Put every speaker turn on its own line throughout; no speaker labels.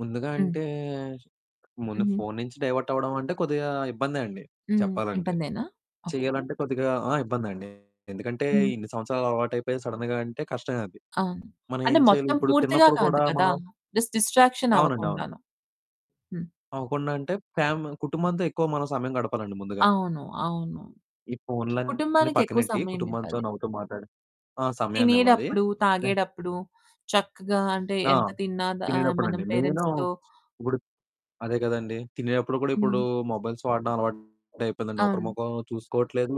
ముందుగా
హ్మ్.
అంటే, ముందు
హుహు.
ఫోను నుంచి డైవర్ట్ అవ్వడం అంటే కొద్దిగా ఇబ్బందే అండి
హ్మ్.
చెప్పాలంటే.
ఇబ్బందేనా? ఓకే.
చెయ్యాలంటే కొద్దిగా ఆ! ఇబ్బందండి. ఎందుకంటే
హ్మ్.
ఇన్ని సంవత్సరాలు అలవాటయిపోయి సడెన్‌గా అంటే కష్టమే అది.
అవును.
మనం
అంటే,
ఏం చేయాలి?
మొత్తం
ఇప్పుడు
పూర్తిగా
తిన్నప్పుడు
కాదు
కూడా
కదా!
మనం
జస్ట్ డిస్ట్రాక్షన్
అవునండి. అవును.
అవ్వకుండాను. హ్మ్.
అవ్వకుండా అంటే, ఫ్యామి కుటుంబంతో ఎక్కువ మనం సమయం గడపాలండి ముందుగా.
అవును. అవును.
ఈ ఫోన్లన్ని
కుటుంబానికి ఎక్కువ
పక్కనెట్టి కుటుంబంతో
సమయమివ్వాలి.
నవ్వుతూ మాట్లాడే ఆ! సమయాన్నివ్వాలి.
తినేడప్పుడు,
జస్టు
తాగేడప్పుడు చక్కగా అంటే,
ఆ!
ఎంత తిన్నాద ఆ! మనం
తినేడప్పుడండి. నేను
పేరెంట్స్‌తో
ఇప్పుడు అదే కదండి. తినేటప్పుడు కూడా ఇప్పుడు
హ్మ్.
మొబైల్స్ వాడడం అలవాటయిపోయిందండి. ఒకరి
అవును.
మొఖం చూసుకోవట్లేదు.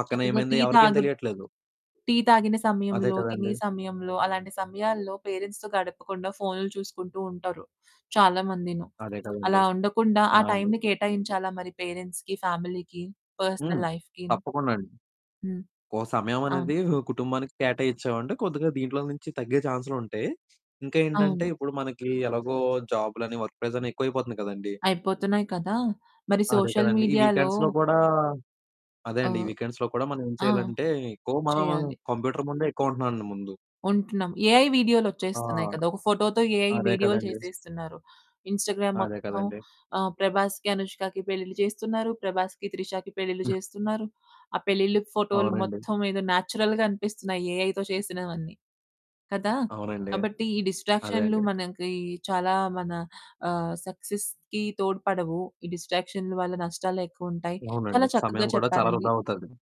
పక్కన
చక్కగా
ఏమైంది?
టీ
ఎవరికేం
తాగు
తెలియట్లేదు.
టీ తాగిన
అదే
సమయంలో, తినే
కదండి.
సమయంలో, అలాంటి సమయాల్లో పేరెంట్స్‌తో గడపకుండా ఫోనులు చూసుకుంటూ ఉంటారు చాలామందీను.
అదే
అలా
కదండి.
ఉండకుండా
ఆ!
ఆ
అండి.
టైమ్‌ని కేటాయించాలా? మరి పేరెంట్స్‌కి, ఫ్యామిలీకి,
హ్మ్.
పర్సనల్ లైఫ్‌కీ.
తప్పకుండా అండి.
హ్మ్.
ఓ సమయం
అవును.
అనేది కుటుంబానికి కేటాయిచ్చావంటే, కొద్దిగా దీంట్లో నుంచి తగ్గే ఛాన్సులుంటాయి. ఇంకేంటంటే
అవును.
ఇప్పుడు మనకి ఎలాగో జాబ్‌లని, వర్క్ ప్రెజర్ అని ఎక్కువైపోతుంది కదండి
అయిపోతున్నాయి కదా! మరి
అదే
సోషల్
కదండి. ఈ
మీడియాలో
వీకెండ్స్‌లో కూడా, అదే
ఆ!
అండి ఈ వీకెండ్స్‌లో కూడా మనం ఏం
ఆ!
చేయాలంటే, ఎక్కువ మనము
చేయాలి.
కంప్యూటర్ ముందే ఎక్కువ ఉంటున్నానండి ముందు.
ఉంటున్నాం. ఏఐ వీడియోలు
ఆ!
ఒచ్చేస్తున్నాయి కదా! ఒక ఫోటోతో ఏఐ
అదే
వీడియోలు
కదండి.
చేసేస్తున్నారు. ఇన్‌స్టాగ్రామ్
అదే
మొత్తం
కదండి.
ఆ! ప్రభాస్‌కి, అనుష్కకి పెళ్ళిళ్ళు చేస్తున్నారు. ప్రభాస్‌కి, త్రిషకి పెళ్ళిళ్ళు
హ్మ్.
చేస్తున్నారు. ఆ పెళ్ళిళ్ళు, ఫోటోలు
అవునండి.
మొత్తం ఏదో న్యాచురల్‌గా అనిపిస్తున్నాయి ఏఐతో చేసినవన్నీ. కదా!
అవునండి.
కాబట్టి ఈ
అదే
డిస్ట్రాక్షన్లు
అండి.
మనకి చాలా మన ఆహ్, సక్సెస్‌కి తోడ్పడవు. ఈ డిస్ట్రాక్షన్లు వల్ల నష్టాలే ఎక్కువుంటాయి. చాలా
అవునండి.
చక్కగా
సమయం కూడా చాలా
చెప్పారండి.
వృధా అవుతాది.